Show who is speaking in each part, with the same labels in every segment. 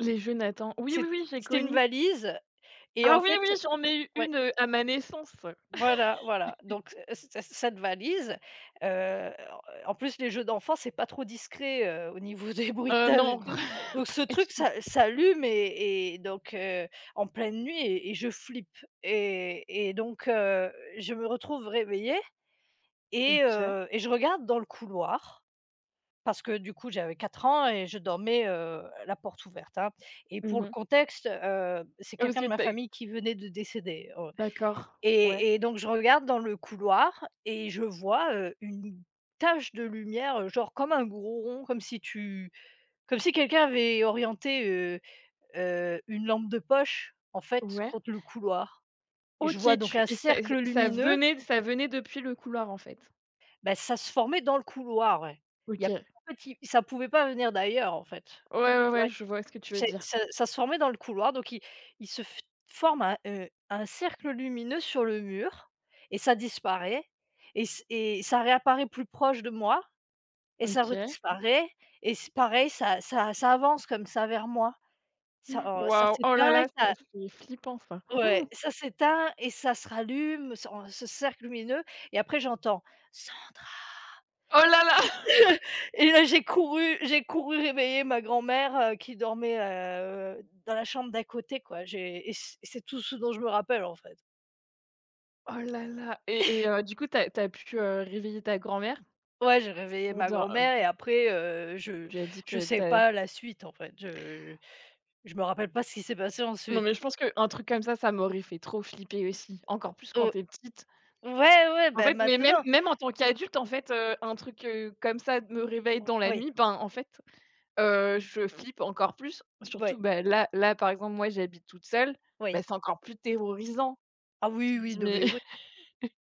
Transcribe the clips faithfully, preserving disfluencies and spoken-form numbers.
Speaker 1: Les jeux Nathan. Oui, oui,
Speaker 2: C'ét
Speaker 1: oui, j'ai
Speaker 2: c'était une
Speaker 1: connu.
Speaker 2: valise et
Speaker 1: Ah!
Speaker 2: en
Speaker 1: Oui,
Speaker 2: fait,
Speaker 1: oui,
Speaker 2: heu
Speaker 1: j'en ai eu
Speaker 2: ouais.
Speaker 1: une, heu, à ma naissance.
Speaker 2: Voilà, voilà donc cet cet cette valise, heu, en en plus, les jeux d'enfants, c'est pas trop discret, heu, au niveau des
Speaker 1: Heu,
Speaker 2: bruitages et
Speaker 1: non
Speaker 2: tout. Donc ce
Speaker 1: pas
Speaker 2: truc
Speaker 1: [unintelligible]
Speaker 2: s'a s'allume et et donc heu, en pleine nuit et et je flippe et et donc heu, je me retrouve réveillée et
Speaker 1: OK.
Speaker 2: heu et je regarde dans le couloir parce que, du coup, j'avais quatre ans et je dormais, heu, la porte ouverte, hein et
Speaker 1: Mmh
Speaker 2: pour le
Speaker 1: mh.
Speaker 2: contexte, heu, c'est
Speaker 1: Oh,
Speaker 2: quelqu'un de
Speaker 1: c'est
Speaker 2: ma
Speaker 1: pas
Speaker 2: famille qui venait de décéder, oh,
Speaker 1: D'accord, ouais.
Speaker 2: et et donc je regarde dans le couloir et je vois, heu, une tache de lumière, heu, genre, comme un gros rond, comme si tu comme si quelqu'un avait orienté, heu heu, une lampe de poche, en fait,
Speaker 1: Ouais.
Speaker 2: contre le couloir et je vois
Speaker 1: OK.
Speaker 2: donc
Speaker 1: Tu
Speaker 2: un
Speaker 1: et s ça
Speaker 2: cercle
Speaker 1: ça
Speaker 2: lumineux.
Speaker 1: venait ça venait depuis le couloir, en fait?
Speaker 2: Bah, ça se formait dans le couloir, ouais. Il y a p
Speaker 1: OK.
Speaker 2: [unintelligible] en fait, il ça pouvait pas venir d'ailleurs, en fait.
Speaker 1: Ouais, ouais, ouais,
Speaker 2: Ouais.
Speaker 1: je vois ce que tu veux
Speaker 2: C'est
Speaker 1: dire.
Speaker 2: ça ça se formait dans le couloir donc il il se forme un, heu, un cercle lumineux sur le mur et ça disparaît et c et ça réapparaît plus proche de moi et ça
Speaker 1: OK.
Speaker 2: redisparaît et c pareil, ça ça ça avance, comme ça, vers moi. Ça,
Speaker 1: Mmh.
Speaker 2: alors, ça
Speaker 1: Waouh! Oh, là,
Speaker 2: s'éteint et
Speaker 1: là, ça,
Speaker 2: ça
Speaker 1: c'est flippant ça.
Speaker 2: Ouais, ça s'éteint et ça se rallume en ce cercle lumineux et après j'entends: «Sandra».
Speaker 1: Oh, là, là!
Speaker 2: Et là, j'ai couru j'ai couru réveiller ma grand-mère, heu, qui dormait, heu heu, dans la chambre d'à côté, quoi. J'ai et c c'est tout ce dont je me rappelle, en fait.
Speaker 1: Oh, là, là et et heu, du coup, tu as tu as pu, heu, réveiller ta grand-mère?
Speaker 2: Ouais, j'ai réveillé
Speaker 1: Pour
Speaker 2: ma
Speaker 1: dire heu, hem, b
Speaker 2: grand-mère et
Speaker 1: f
Speaker 2: après, heu, je
Speaker 1: Tu lui as dit
Speaker 2: je
Speaker 1: que
Speaker 2: sais
Speaker 1: tu as
Speaker 2: pas la suite, en fait, je je me rappelle pas ce qui s'est passé
Speaker 1: Non, mais
Speaker 2: ensuite.
Speaker 1: je pense qu'un truc comme ça, ça m'aurait fait trop flipper aussi, encore plus quand
Speaker 2: O
Speaker 1: tu es petite.
Speaker 2: ouais, ouais,
Speaker 1: En
Speaker 2: ben,
Speaker 1: fait, mais même
Speaker 2: maintenant.
Speaker 1: même en tant qu'adulte, en fait, heu, un truc, heu, comme ça d me réveille
Speaker 2: O
Speaker 1: dans la
Speaker 2: oui.
Speaker 1: nuit, ben, en fait, heu, je flippe encore plus.
Speaker 2: B
Speaker 1: Surtout,
Speaker 2: ouais.
Speaker 1: bah, là là, par exemple, moi, j'habite toute seule. Bah,
Speaker 2: Oui.
Speaker 1: c'est encore plus terrorisant.
Speaker 2: Ah,
Speaker 1: Tu
Speaker 2: oui,
Speaker 1: te
Speaker 2: oui,
Speaker 1: dis:
Speaker 2: non
Speaker 1: «Mais»
Speaker 2: mais ouais.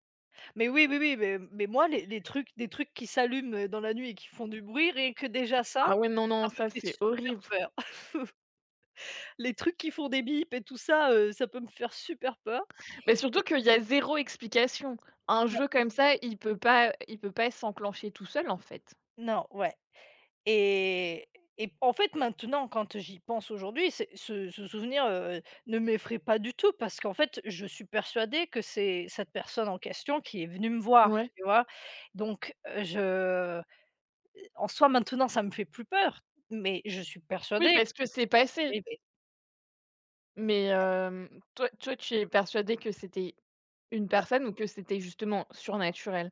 Speaker 2: Mais oui, oui, oui, mais mais moi, les les trucs des trucs qui s'allument, heu, dans la nuit et qui font
Speaker 1: [unintelligible]
Speaker 2: du bruit, rien que déjà ça,
Speaker 1: Ah, ouais. Non,
Speaker 2: ça
Speaker 1: non,
Speaker 2: me
Speaker 1: ça,
Speaker 2: fait
Speaker 1: c'est
Speaker 2: super
Speaker 1: horrible.
Speaker 2: peur. Les trucs qui font des bips et tout ça, heu, ça peut me faire super peur
Speaker 1: Mais surtout
Speaker 2: et
Speaker 1: qu'il y a zéro explication. Un
Speaker 2: [unintelligible]
Speaker 1: jeu comme ça, il peut pas il peut pas s'enclencher tout seul, en fait.
Speaker 2: Non, ouais et et en fait, maintenant, quand, heu, j'y pense aujourd'hui, c'est ce ce souvenir, heu heu, ne m'effraie pas du tout parce qu'en fait, je suis persuadée que c'est cette personne en question qui est venue me voir,
Speaker 1: Ouais.
Speaker 2: tu vois? Donc heu, je heu, en soit, maintenant, ça me fait plus peur, mais je suis
Speaker 1: Oui,
Speaker 2: persuadée
Speaker 1: parce que
Speaker 2: que
Speaker 1: c'est passé.
Speaker 2: oui, oui.
Speaker 1: Mais
Speaker 2: Ouais
Speaker 1: hem, toi toi, tu es persuadée que c'était une
Speaker 2: [unintelligible]
Speaker 1: personne ou que c'était justement surnaturel?